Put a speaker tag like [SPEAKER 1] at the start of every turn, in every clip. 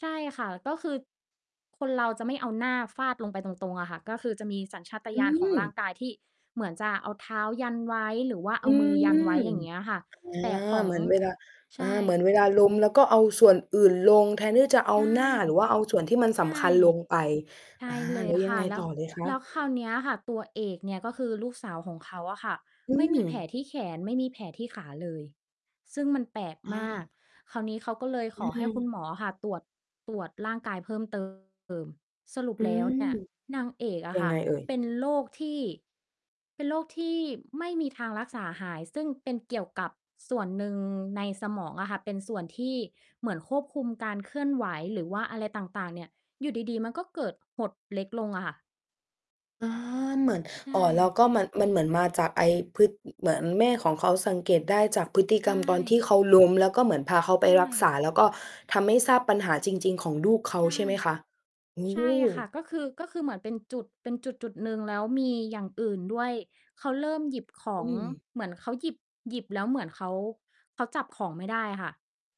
[SPEAKER 1] ใช่ค่ะ ก็คือ คนเราจะไม่เอาหน้า ฟาดลงไปตรง ๆ อะค่ะ ก็คือจะมีสัญชาต
[SPEAKER 2] อ อื
[SPEAKER 1] ญาณของร่า
[SPEAKER 2] ม
[SPEAKER 1] งกายที่เหมือนจะเอาเท้ายันไว้ หรือว่าเ
[SPEAKER 2] อ
[SPEAKER 1] อ
[SPEAKER 2] ื
[SPEAKER 1] ามือยันไว้
[SPEAKER 2] ม
[SPEAKER 1] อย่างเงี้ยค่ะ
[SPEAKER 2] อา
[SPEAKER 1] แต่ขอ
[SPEAKER 2] เ
[SPEAKER 1] ง
[SPEAKER 2] หมือนเวลา
[SPEAKER 1] ใ
[SPEAKER 2] อ
[SPEAKER 1] ช
[SPEAKER 2] า
[SPEAKER 1] ่
[SPEAKER 2] เหมือนเวลาล้มแล้วก็เอาส่วนอื่นลง แทนที่จะเอา
[SPEAKER 1] ใช่
[SPEAKER 2] หน้าหรือว่าเอาส่วน ที่มัน
[SPEAKER 1] ใ
[SPEAKER 2] ส
[SPEAKER 1] ช่
[SPEAKER 2] ำคัญลงไป
[SPEAKER 1] ใช่
[SPEAKER 2] อา
[SPEAKER 1] เล
[SPEAKER 2] แล
[SPEAKER 1] ย
[SPEAKER 2] ้ว ย
[SPEAKER 1] ค
[SPEAKER 2] ัง
[SPEAKER 1] ่ะ
[SPEAKER 2] ไง
[SPEAKER 1] แล้
[SPEAKER 2] ต
[SPEAKER 1] ว
[SPEAKER 2] ่อเลยคะ?
[SPEAKER 1] แล้วคราวเนี้ยค่ะ ตัวเอกเนี่ยก็คือลูกสาวของเขาอะค่ะ
[SPEAKER 2] อื
[SPEAKER 1] ไม่มีแผล
[SPEAKER 2] ม
[SPEAKER 1] ที่แขน ไม่มีแผลที่ขา เลย ซึ่งมันแปลก
[SPEAKER 2] อ
[SPEAKER 1] มาก
[SPEAKER 2] า
[SPEAKER 1] คราวนี้เขาก็เลย
[SPEAKER 2] อ
[SPEAKER 1] ข
[SPEAKER 2] ื
[SPEAKER 1] อให้คุ
[SPEAKER 2] ม
[SPEAKER 1] ณหมออะค่ะ ตรวจ ตรวจร่างกายเพิ่ม เติม สรุป
[SPEAKER 2] อื
[SPEAKER 1] แล้ว
[SPEAKER 2] ม
[SPEAKER 1] เนี่ย นางเอกอ
[SPEAKER 2] ย
[SPEAKER 1] ะ
[SPEAKER 2] ั
[SPEAKER 1] ค
[SPEAKER 2] ง
[SPEAKER 1] ่
[SPEAKER 2] ไ
[SPEAKER 1] ะ
[SPEAKER 2] งเอ่ย?
[SPEAKER 1] เป็นโรคที่ เป็นโรคที่ ไม่มีทางรักษาหาย ซึ่งเป็นเกี่ยวกับส่วนหนึ่งในสมองอะค่ะ เป็นส่วนที่เหมือนควบคุมการเคลื่อนไหวหรือว่าอะไรต่าง ๆ เนี่ย อยู่ดี ๆ มันก็เกิดหดเล็กลงอะค่ะ
[SPEAKER 2] อา เหมือน
[SPEAKER 1] ใช
[SPEAKER 2] อ่อ แล้ว
[SPEAKER 1] ่
[SPEAKER 2] ก็มัน มันเหมือนมาจากไอ้พึด เหมือนแม่ของเขาสังเกตได้จากพฤติ
[SPEAKER 1] ใ
[SPEAKER 2] ก
[SPEAKER 1] ช
[SPEAKER 2] รรม ตอนที่
[SPEAKER 1] ่
[SPEAKER 2] เขาล้ม แล้วก็เหมือนพาเขาไ
[SPEAKER 1] ใช
[SPEAKER 2] ปรักษ
[SPEAKER 1] ่
[SPEAKER 2] า แล้วก็ทำให้ทราบปัญหาจริง ๆ ของลูกเขา
[SPEAKER 1] ใช่
[SPEAKER 2] ใช่ไหมคะ โอ
[SPEAKER 1] ใช่ค่
[SPEAKER 2] ้!
[SPEAKER 1] ะ ก็คือ ก็คือเหมือนเป็นจุด เป็นจุด ๆ หนึ่งแล้วมีอย่างอื่นด้วย เขาเริ่มหยิบขอ
[SPEAKER 2] อื
[SPEAKER 1] ง
[SPEAKER 2] ม
[SPEAKER 1] เหมือนเขาหยิบ หยิบแล้วเหมือนเขา เขาจับของไม่ได้ค่ะ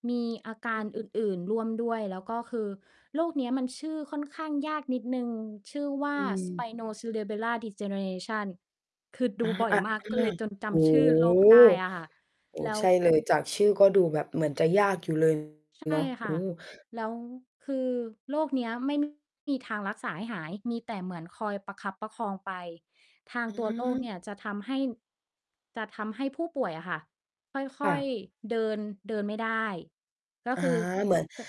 [SPEAKER 1] มีอาก
[SPEAKER 2] อ
[SPEAKER 1] า
[SPEAKER 2] ื
[SPEAKER 1] ร
[SPEAKER 2] อ
[SPEAKER 1] อื่น ๆ ร่วมด้วย แล้วก็คือโรคเนี้ยมันชื่อค่อนข้างยากนิดหนึ่ง ชื่อว่า
[SPEAKER 2] อืม
[SPEAKER 1] Spino Cerebellar Degeneration คือด
[SPEAKER 2] อา
[SPEAKER 1] ูบ่อ
[SPEAKER 2] อ
[SPEAKER 1] ย
[SPEAKER 2] ะ
[SPEAKER 1] มาก
[SPEAKER 2] อ
[SPEAKER 1] ก็เ
[SPEAKER 2] า
[SPEAKER 1] ลยจนจ
[SPEAKER 2] โอ้
[SPEAKER 1] ำชื่
[SPEAKER 2] โ
[SPEAKER 1] อ
[SPEAKER 2] ฮ
[SPEAKER 1] โรค ได้อะค่ะ
[SPEAKER 2] โอ้
[SPEAKER 1] แล้
[SPEAKER 2] ใ
[SPEAKER 1] ว
[SPEAKER 2] ช่เลย จากชื่อก็ดูแบบเหมือนจะยากอยู่ เลย
[SPEAKER 1] ใช
[SPEAKER 2] เ
[SPEAKER 1] ่
[SPEAKER 2] นาะ โอ
[SPEAKER 1] ค
[SPEAKER 2] ้
[SPEAKER 1] ่ะ แล้วคือโรคเนี้ยไม่ มี ทางรักษาให้หาย มีแต่เหมือนคอยประคับประคองไป ทาง
[SPEAKER 2] อื
[SPEAKER 1] ตัวโรคเนี่
[SPEAKER 2] ม
[SPEAKER 1] ยจะทำให้ จะทำให้ผู้ป่วยอะค่ะ ค
[SPEAKER 2] ค่
[SPEAKER 1] ่อย
[SPEAKER 2] ะ
[SPEAKER 1] ๆ เดิน เดินไม่ได้ ก็
[SPEAKER 2] อา
[SPEAKER 1] คือ
[SPEAKER 2] เหมือน
[SPEAKER 1] จะ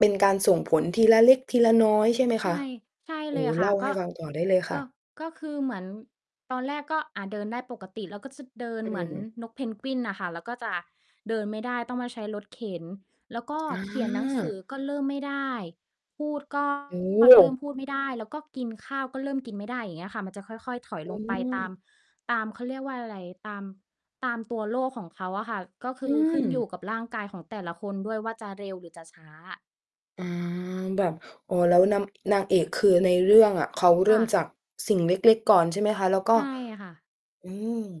[SPEAKER 2] เป็นการส่งผล ทีละเล็ก ทีละน้อย ใช่ไหม
[SPEAKER 1] ใ
[SPEAKER 2] ค
[SPEAKER 1] ช
[SPEAKER 2] ะ
[SPEAKER 1] ่ ใช่
[SPEAKER 2] โอ
[SPEAKER 1] เล
[SPEAKER 2] ้
[SPEAKER 1] ยค
[SPEAKER 2] เ
[SPEAKER 1] ่
[SPEAKER 2] ล
[SPEAKER 1] ะ
[SPEAKER 2] ่า
[SPEAKER 1] ก
[SPEAKER 2] ให้
[SPEAKER 1] ็
[SPEAKER 2] ฟังต่อได้เลยค
[SPEAKER 1] ก
[SPEAKER 2] ่
[SPEAKER 1] ็
[SPEAKER 2] ะ
[SPEAKER 1] ก็คือเหมือน ตอนแรกก็ อ่า เดินได้ปกติ แล้วก็จะเดิน
[SPEAKER 2] อ
[SPEAKER 1] เหมือน
[SPEAKER 2] ืม
[SPEAKER 1] นกเพนกวินอะค่ะ แล้วก็จะเดินไม่ได้ ต้องมาใช้รถเข็น แล้วก็
[SPEAKER 2] อ
[SPEAKER 1] เขียนหนังสื
[SPEAKER 2] า
[SPEAKER 1] อก็เริ่มไม่ได้ พูด ก็
[SPEAKER 2] โอ
[SPEAKER 1] เริ่
[SPEAKER 2] ้!
[SPEAKER 1] มพูดไม่ได้ แล้วก็กินข้าวก็เริ่มกินไม่ได้ อย่างเงี้ยค่ะ มันจะค่อย ๆ ถอย
[SPEAKER 2] เ
[SPEAKER 1] ลงไปตาม
[SPEAKER 2] ออ
[SPEAKER 1] ตาม เขาเรียกว่าอะไร ตาม ตามตัวโรคของเขาอะค่ะ ก็ค
[SPEAKER 2] อื
[SPEAKER 1] ือขึ้นอยู
[SPEAKER 2] ม
[SPEAKER 1] ่กับร่างกายของแต่ละคนด้วยว่าจะเร็วหรือจะช้า
[SPEAKER 2] อา แบบ อ๋อ แล้วนำ นางเอกคือ ในเรื่องอะเขาเร
[SPEAKER 1] ค
[SPEAKER 2] ิ
[SPEAKER 1] ่
[SPEAKER 2] ่ม
[SPEAKER 1] ะ
[SPEAKER 2] จากสิ่งเล็ก ๆ ก่อน ใช่ไหมคะ? แล้วก
[SPEAKER 1] ใ
[SPEAKER 2] ็
[SPEAKER 1] ช่ค่ะ
[SPEAKER 2] อืม